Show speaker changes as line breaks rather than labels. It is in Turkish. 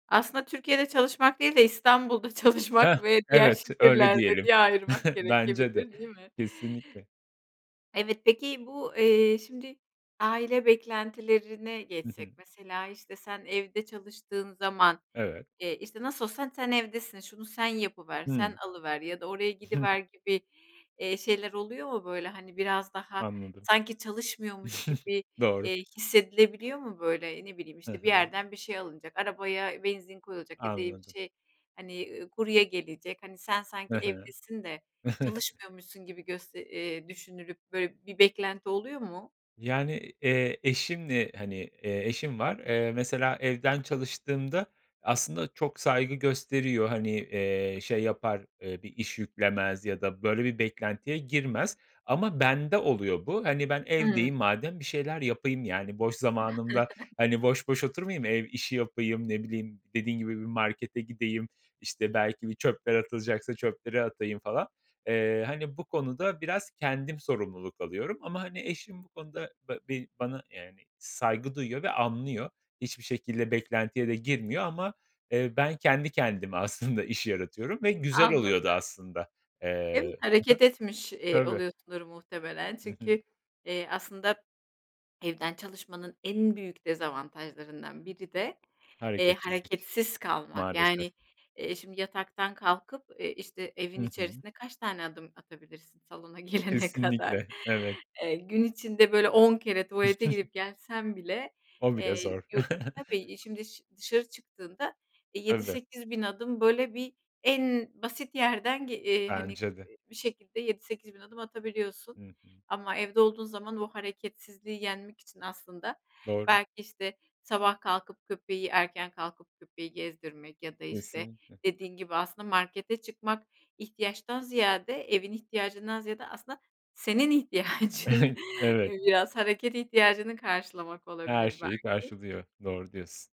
Aslında Türkiye'de çalışmak değil de İstanbul'da
Heh,
çalışmak ve diğer
evet, öyle
şehirlerde
diyelim.
diye ayırmak
Bence de
gerekebilir, değil mi?
kesinlikle.
Evet, peki, bu, eee, şimdi aile beklentilerine
Hı hı.
geçsek mesela, işte, sen evde çalıştığın zaman,
Evet.
eee, işte, "Nasıl olsa sen evdesin. Şunu sen yapıver, sen
Hımm.
alıver ya da oraya gidiver." gibi, eee, şeyler oluyor mu? Böyle, hani, biraz daha,
Anladım.
sanki, çalışmıyormuş gibi,
Doğru.
eee, hissedilebiliyor mu? Böyle, ne bileyim,
He
işte, bir
he.
yerden bir şey alınacak arabaya benzin koyulacak ya da bir
Anladım.
şey, hani, ııı, kurye gelecek, hani, sen sanki
He he.
evdesin de çalışmıyormuşsun gibi göste eee, düşünülüp, böyle, bir beklenti oluyor mu?
Yani, eee, eşimle, hani, eee, eşim var. Eee, mesela evden çalıştığımda aslında çok saygı gösteriyor, hani, eee, şey yapar, eee, bir iş yüklemez ya da böyle bir beklentiye girmez ama bende oluyor bu. Hani, ben
Hıı.
evdeyim madem bir şeyler yapayım, yani, boş zamanımda, hani, boş boş oturmayayım ev işi yapayım; ne bileyim dediğin gibi bir markete gideyim, işte, belki bir çöpler atılacaksa çöpleri atayım falan. Eee, hani, bu konuda biraz kendim sorumluluk alıyorum ama, hani, eşim bu konuda bı bir bana, yani, saygı duyuyor ve anlıyor. Hiçbir şekilde beklentiye de girmiyor ama, eee, ben kendi kendime aslında iş yaratıyorum ve güzel oluyordu
Anladım.
aslında,
Evet,
eee Hı hı,
hareket etmiş, eee,
tabii
oluyorsundur muhtemelen.
Hı hı.
Çünkü, eee, aslında evden çalışmanın en büyük dezavantajlarından biri de, eee,
Hereketsizlik,
hareketsiz kalmak.
maalesef.
Yani, eee, şimdi yataktan kalkıp eee, işte, evin
Hı hı.
içerisine kaç tane adım atabilirsin salona girene kadar.
Kesinlikle, evet.
Eee, gün içinde, böyle, 10 kere tuvalete gidip gelsen bile,
O bile
eee,
zor.
yurt tabii şimdi dış dışarı çıktığında eee, yedi
Tabii.
sekiz bin adım, böyle, bir en basit yerden gel eee, hani,
Bence de.
bir şekilde 7-8000 adım atabiliyorsun.
Hı hı.
Ama evde olduğun zaman o hareketsizliği yenmek için aslında
Doğru.
belki, işte, sabah kalkıp, köpeği erken kalkıp köpeği gezdirmek ya da, işte,
Kesinlikle.
dediğin gibi aslında markete çıkmak; ihtiyaçtan ziyade, evin ihtiyacından ziyade aslında senin ihtiyacın
Evet.
biraz hareket ihtiyacını karşılamak
Her
olabilir
şeyi
belki.
karşılıyor, doğru diyorsun.